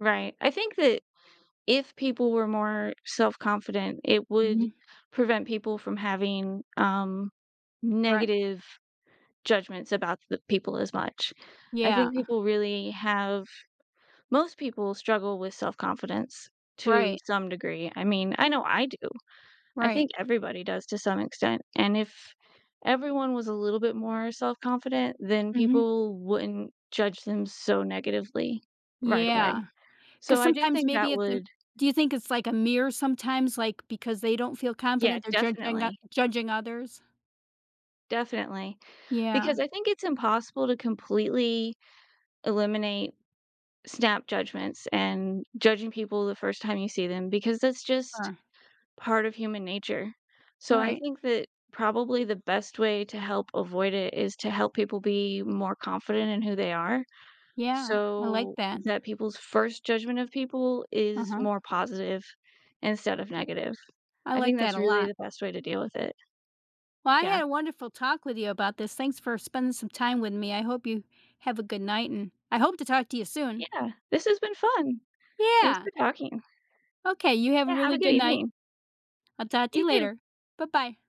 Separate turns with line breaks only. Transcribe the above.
Right, I think that if people were more self-confident, it would
Mhm.
prevent people from having, um,
Right.
negative judgments about the people as much. I
Yeah.
think people really have Most people struggle with self-confidence to
Right.
some degree, I mean, I know I do, I
Right.
think everybody does to some extent, and if everyone was a little bit more self-confident, then
Mhm.
people wouldn't judge them so negatively right
Yeah,
away. So
'cause
I do
sometimes
think
maybe
that
it's im
would
Do you think it's, like, a mirror sometimes, like, because they don't feel
Yeah,
confident they're judging o
definitely.
judging others?
Definitely,
Yeah.
because I think it's impossible to completely eliminate snap judgments, and judging people the first time you see them, because that's just
Uh.
part of human nature, so, I
Right.
think that probably the best way to help avoid it is to help people be more confident in who they are,
Yeah, I like
so
that.
that people's 1st judgment of people is
Uh-huh.
more positive instead of negative,
I
I
like
think
that
that's
a
really
lot.
the best way to deal with it.
Well, I
Yeah.
had a wonderful talk with you about this, thanks for spending some time with me, I hope you have a good night, and I hope to talk to you soon.
Yeah, this has been fun. Thanks
Yeah.
for talking.
Okay, you have a
Yeah, have
really
a good
good night.
evening.
I'll talk to
You
you
too.
later. Bye bye.